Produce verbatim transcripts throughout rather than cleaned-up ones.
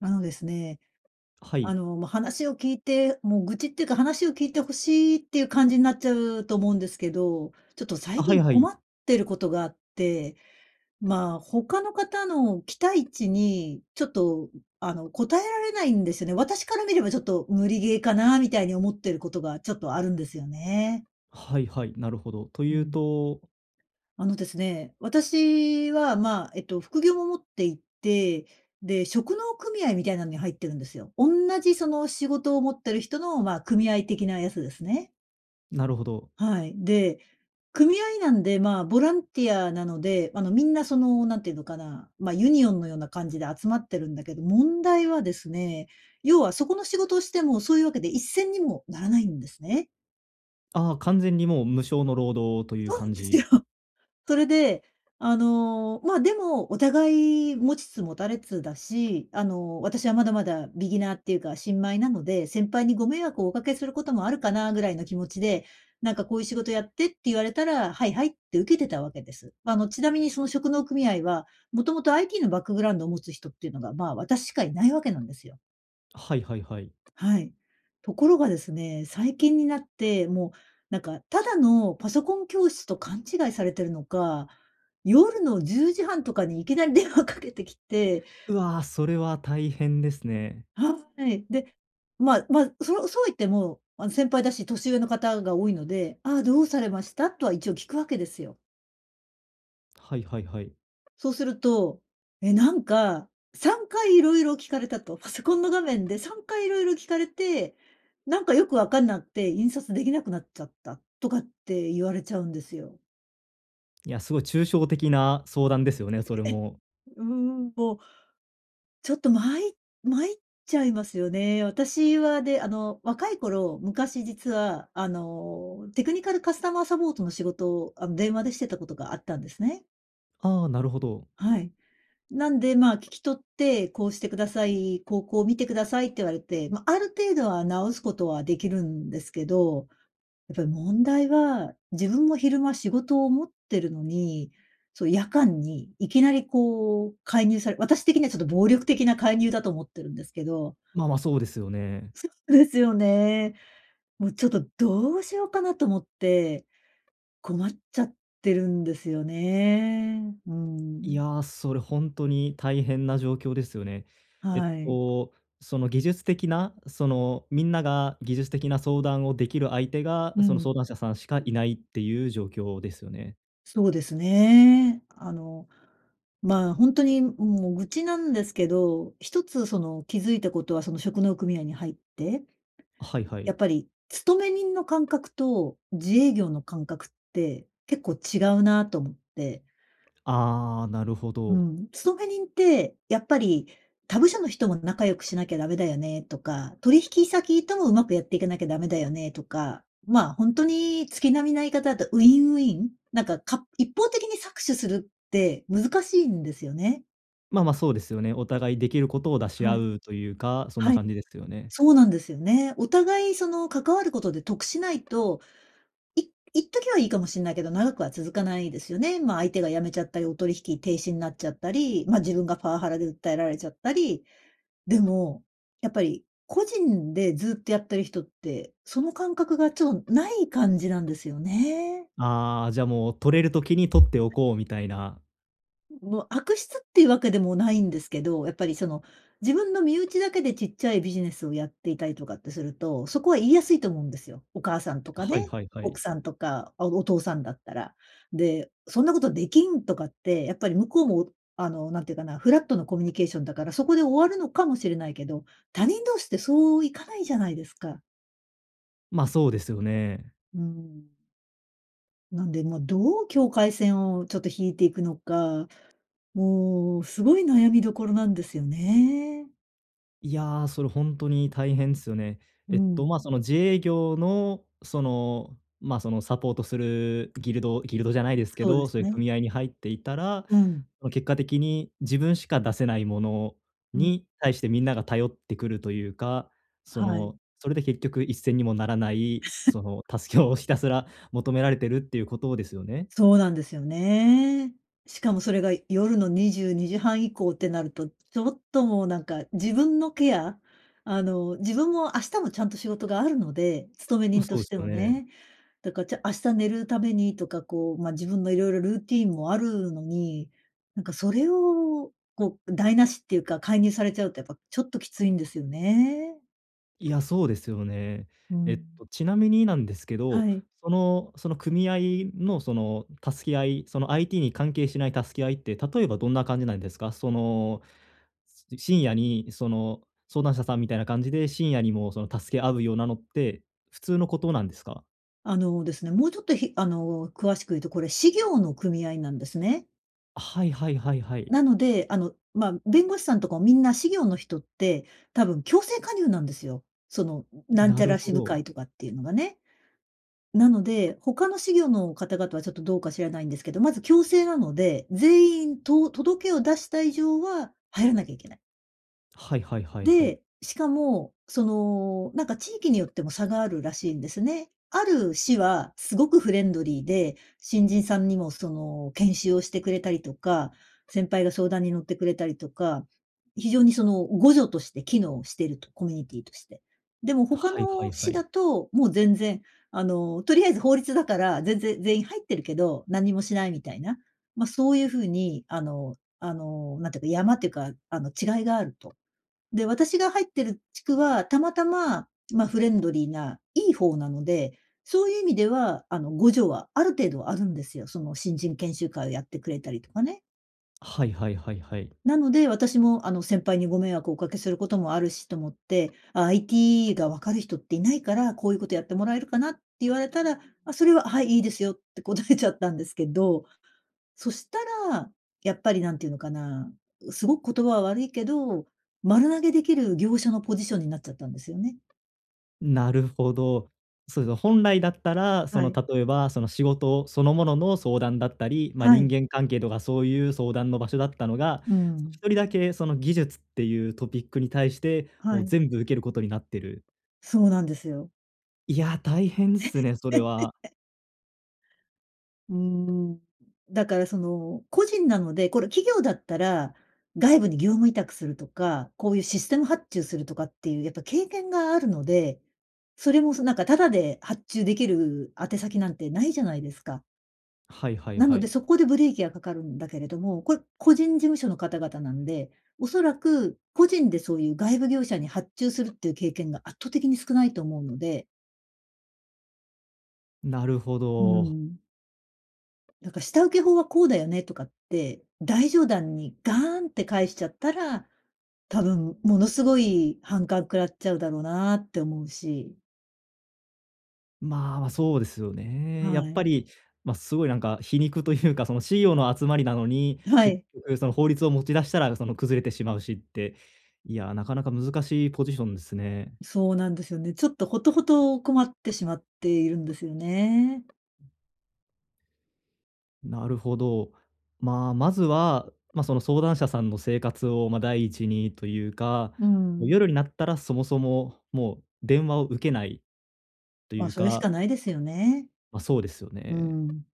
あのですね。はあい。の、ま、話を聞いてもう愚痴っていうか、話を聞いて欲しいっていう感じになっちゃうと思うんですけど、ちょっとあ、最はい近は困い。ってることがあって、まあ、他の方の期待値に、ちょっとあの、応えられないんですよね。私から見ればちょっと無理ゲーかなみたいに思ってることがちょっとあるんですよね。はいはい。なるほど。とういうん。と。あのですね。私は、ま、えっと副業も持っていて、で、職能組合みたいなのに入ってるんですよ。おんなじその仕事を持ってる人の、ま、組合的なやつですね。なるほど。はい。で、組合なんで、ま、ボランティアなので、あの、みんなその、何て言うのかな、ま、ユニオンのような感じで集まってるんだけど、問題はですね、要はそこの仕事をしてもそういうわけで一銭にもならないんですね。ああ、完全にもう無償の労働というそうな感んですよ。じそれで、あの、まあ、でもお互い持ちつ持たれつだし、あの、私はまだまだビギナーっていうか新米なので、先輩にご迷惑をお掛けすることもあるかなぐらいの気持ちで、なんかこういう仕事やってって言われたら、はい、はいって受けてたわけです。ま、あの、ちなみにその職能組合は、もともと IT のバックグラウンドを持つ人っていうのが、ま、私しかいないわけなんですよ。はいはいはい。はい。ところがですね。最近になって、もう、なんかただのパソコン教室と勘違いされてるのか、夜のじゅうじはんとかにいきなり電話かけてきて。うわ、それは大変ですね。はい。で、まま、そそうは言っても、あの、先輩だし年上の方が多いので、「ああ、どうされました？」とは一応聞くわけですよ。はいはいはい。そうすると、え、なんか、さんかい色々聞かれたと。「パソコンの画面でさんかい色々聞かれて、なんかよく分かんなって、印刷出来なくなっちゃった」とかって言われちゃうんですよ。いや、すごい抽象的な相談ですよね、ええそれえ。も。うん。もう、ちょっと、まいまいっちゃいますよね。私はね、あの、若い頃、昔実は、あの、テクニカルカスタマーサポートの仕事を、あの、電話でしてたことがあったんですね。ああ、なるほど。はい。なんで、まあ、聞き取って、「こうしてください。こうこう、見てください」って言われて、ま、ある程度は直すことはできるんですけど、やっぱり問題は、自分も昼間仕事を持ってるのに、そう、夜間に、いきなり、こう、介入され私的にはちょっと暴力的な介入だと思ってるんですけど。まあ、ま、そうですよね。そうですよね。もう、ちょっとどうしようかなと思って、困っちゃってるんですよね。ういん。や、それ本当に大変な状況ですよね。えっはい。と、その技術的な、その、みんなが技術的な相談をできる相手が、うその、ん。相談者さんしかいないっていう状況ですよね。そうですね。あのまあ、本当にもう愚痴なんですけど、一つその気づいたことは、その職能組合に入って、はいはい。やっぱり勤め人の感覚と、自営業の感覚って、結構違うなと思って。ああ、なるほうど。ん。勤め人って、やっぱり他部署の人も仲良くしなきゃダメだよねとか、取引先ともうまくやっていかなきゃダメだよね、とか、まあ本当に月並みな言い方だと、ウィンウィン、なんか、か一方的に搾取するって難しいんですよね。まあまあそうですよね。お互い出来る事を出しは合い。うというか、そんなはい。感じですよね。そうなんですよね。お互いその関わることで得しないと、いいっときはいいかもしんないけど、長くは続かないですよね。まあ相手が辞めちゃったり、お取引停止になっちゃったり、まあ自分がパワハラで訴えられちゃったり、でも、やっぱり個人でずっとやってる人って、その感覚がちょっとない感じなんですよね。ああ、じゃあもう取れる時に取っておこうみたいな。もう悪質っていうわけでもないんですけど、やっぱり、その自分の身内だけでちっちゃいビジネスをやっていたりとかってすると、そこは言いやすいと思うんですよ。お母さんとかはいね、はいは奥い。さんとか、あ、お父さんだったら。で、そんなことできんとかって、やっぱり、向こうも、あのなんていうかな、フラットのコミュニケーションだから、そこで終わるのかもしれないけど、他人同士ってそういかないじゃないですか。まあ、そうですよね。うーん。なんで、ま、どう境界線をちょっと引いていくのか、もうすごい悩みどころなんですよね。いや、それほんとに大変すよね。うえっと、ん。まあ、その自営業の、その、ま、その、サポートするギルドギルドじゃないですけそうでど、すそういうね。組合に入っていたら、うん。結果的に自分しか出せないものうん。に対してみんなが頼ってくるというか、そはい。の、それで結局一銭にもならない、その、助けをひたすら求められてるっていうことですよね。そうなんですよね。しかもそれが夜のにじゅうにじはん以降ってなると、ちょっともうなんか、自分のケアあの、自分も明日もちゃんと仕事があるので、勤めう、人とそうしすてよもね。ね。だから、ちゃ明日寝るためにとか、こう、ま、自分の色々ルーティンもあるのに、なんかそれを、こう台無しっていうか、介入されちゃうとやっぱちょっときついんですよね。いや、そうですよね。うえっん。と、ちなみになんですけど、はい。そのその組合の、その、助け合い、その IT に関係しない助け合いって、例えばどんな感じなんですか？その、深夜にその、相談者さんみたいな感じで、深夜にもその、助け合うようなのって、普通のことなんですか？あのですね。もうちょっと、ひあの、詳しく言うとこれ士業の組合なんですね。はいはいはいはい。なので、あの、まあ、弁護士さんとかもみんな士業の人って、多分強制加入なんですよ。そのなんちなゃるらほ支部ど。会とかっていうのがね。なので、他の士業の方々はちょっとどうか知らないんですけど、まず強制なので、全員と届けを出した以上は入らなきゃいけない。はいはいはいはい。で、しかも、その、なんか地域によっても差があるらしいんですね。ある市は、すごくフレンドリーで、新人さんにもその、研修をしてくれたりとか、先輩が相談に乗ってくれたりとか、非常にその互助として機能してると、コミュニティとして。でも他はいはのいは市い。だと、もう全然あの、とりあえず法律だから、全然、全員入ってるけど、何もしないみたいな、ま、そういう風にあのあの、なんていうか、やまっていうか、あの違いがあると。で、私が入ってる地区はたまたま、ま、フレンドリーないい方なので、そういう意味ではあの、互助はある程度あるんですよ。その新人研修会をやってくれたりとかね。はいはいはいはい。なので、私も、あの、先輩にご迷惑をおかけすることもあるしと思って、IT がわかる人っていないから、「こういうことやってもらえるかな」って言われたら、あ、それは、「はい、いいですよ」って答えちゃったんですけど、そしたら、やっぱり何ていうのかな、うすごく言葉は悪いけど、丸投げできる業者のポジションになっちゃったんですよね。なるほど。そうですね。本来だったら、そはの、い。例えば、その、仕事そのものの相談だったり、まあ、は人い。間関係とかそういう相談の場所だったのが、うーその、ひん。とりだけ、その技術っていうトピックに対して、はもうい。全部受ける事になってる。そうなんですよ。いや、大変でえ。すね、それは。うーん。だから、その、個人なので、これ、企業だったら、外部に業務委託するとか、こういうシステム発注するとかっていうやっぱ経験があるので、それも、そなんかタダで発注できる宛先なんてないじゃないですか。はいはいなはので、い。そこでブレーキがかかるんだけれども、これ個人事務所の方々なんで、おそらく個人でそういう外部業者に発注するっていう経験が圧倒的に少ないと思うので。なるほうーど。ん。なんか下請け法は、こうだよねとかって、大上段にガーンって返しちゃったら、多分ものすごい反感食らっちゃうだろうなって思うし。まあ、ま、そうですよね。やはっぱい。り、ま、すごいなんか皮肉というか、その、CEO の集まりなのに、は結い。局、その、法律を持ち出したら、その、崩れてしまうしって、いや、なかなか難しいポジションですね。そうなんですよね。ちょっと、ほとほと困ってしまっているんですよね。なるほど。まあ、まずは、ま、その、相談者さんの生活を、ま、第一にというか、うーもうん。夜になったらそもそも、もう電話を受けないとまいあ、うそれしかかないですよね。ま、そうですようね。ーん。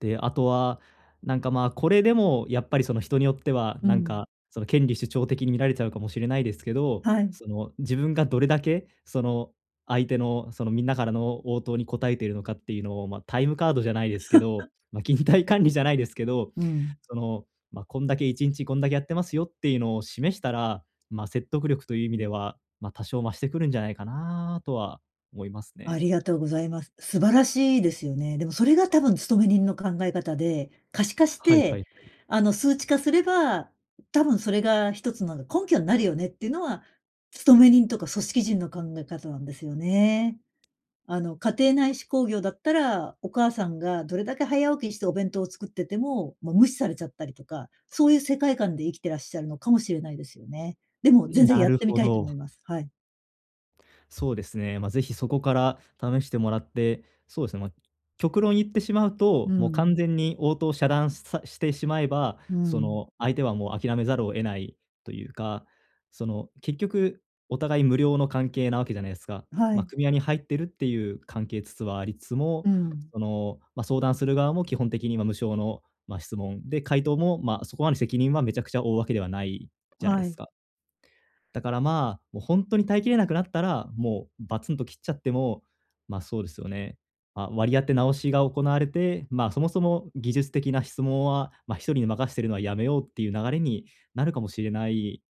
で、あとは、なんか、まあ、これでもやっぱり、その、人によってはうなんん。か、その、権利主張的に見られちゃうかもしれないですけど、はい。その、自分がどれだけ、その、相手の、その、みんなからの応答に答えているのかっていうのを、ま、タイムカードじゃないですけど、ま、勤怠管理じゃないですけど、うーん。その、ま、こんだけいちんちこんだけやってますよっていうのを示したら、まあ、説得力という意味では、ま、多少増してくるんじゃないかなとは思いますあね。りがとうございます。素晴らしいですよね。でも、それが多分勤め人の考え方で、可視化しはいはいて、はい。あの、数値化すれば、多分それがひとつの根拠になるよねっていうのは、勤め人とか組織人の考え方なんですよね。あの、家庭内手工業だったら、お母さんがどれだけ早起きしてお弁当を作ってても、もう無視されちゃったりとか、そういう世界観で生きてらっしゃるのかもしれないですよね。でもう全ん、然なやっるてみほたいと思いど。ます。はい。そうですね。まあ、是非、そこから試してもらって。そうですね、まあ、極論言ってしまううと、もう、完ん。全に応答を遮断し、さしてしまえば、うそん。の、相手はもう、諦めざるを得ないというか。その、結局お互い、無料の関係なわけじゃないですか。はま、い。組合に入ってるっていう関係つつ、は、ありつつも、うん。その、まあ、相談する側も、基本的には無償の、まあ、質問、で、回答も、まあ、そこまで責任は、めちゃくちゃ負うわけではないじゃないはすい。か。だからまあ、もう、本当に耐えきれなくなったら、もう、バツンと切っちゃっても、まあ、そうですよね、まあ、割り当て直しが行われて、まあ、そもそも、技術的な質問は、ま、ひとりに任してるのは、やめようっていう流れに、なるかもしれない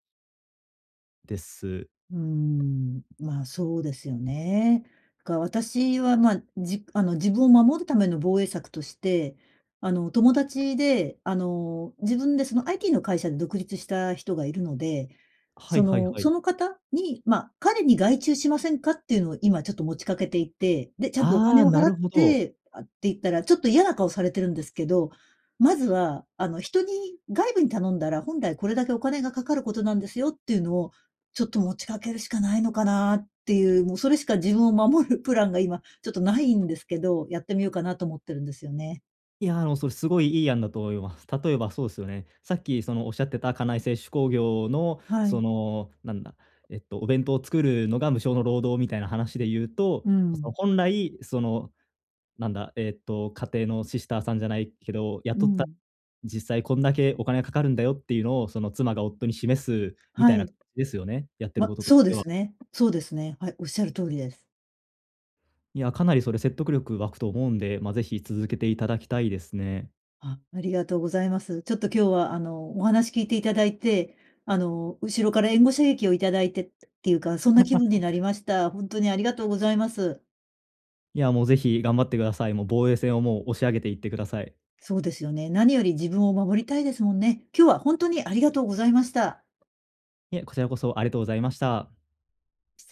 です。うん。まあ、そうですよね。か私は、ま、じあの、自分を守るための防衛策として、あの、友達で、あの、自分でその、IT の会社で独立した人がいるので、はそいはいのはい。その方に、ま、彼に、外注しませんかっていうのを、今ちょっと持ちかけていて。で、ちゃんとおあ金あ、をな払っるほど。て、「あ」って言ったら、ちょっと嫌な顔されてるんですけど。まずは、あの、人に、外部に頼んだら、本来これだけお金がかかることなんですよっていうのを、ちょっと持ちかけるしかないのかなっていう、もうそれしか自分を守るプランが、今ちょっとないんですけど。やってみようかなと思ってるんですよね。いや、あの、それ、すごいいい案だと思います。例えば、そうっすよね。さっきその仰ってた、家内製手工業の、はそい。のなんだ、えっと、お弁当を作るのが、無償の労働みたいな話で言うと、うその、ん。本来その、なんだえっと、家庭のシスターさんじゃないけど、う雇った、ん。実際こんだけお金がかかるんだよ、っていうのを、その、妻が夫に示す、みたはいな感い。じですよね。やってるま、こととそうしでては。すね。そうですね。はい。仰る通りです。いや、かなりそれ、説得力湧くと思うんで。まあ、是非、続けて頂きたいですね。あ、ありがとうございます。ちょっと今日は、あの、お話聞いていただいて、あの、後ろから、援護射撃をいただいてっていうか、そんな気分になり ました。本当にありがとうございます。いやもう、是非、頑張ってください。もう、防衛線を、もう、押し上げていってください。そうですよね。何より、自分を守りたいですもんね。今日は本当に、ありがとうございました。いえ、こちらこそ、ありがとうございました。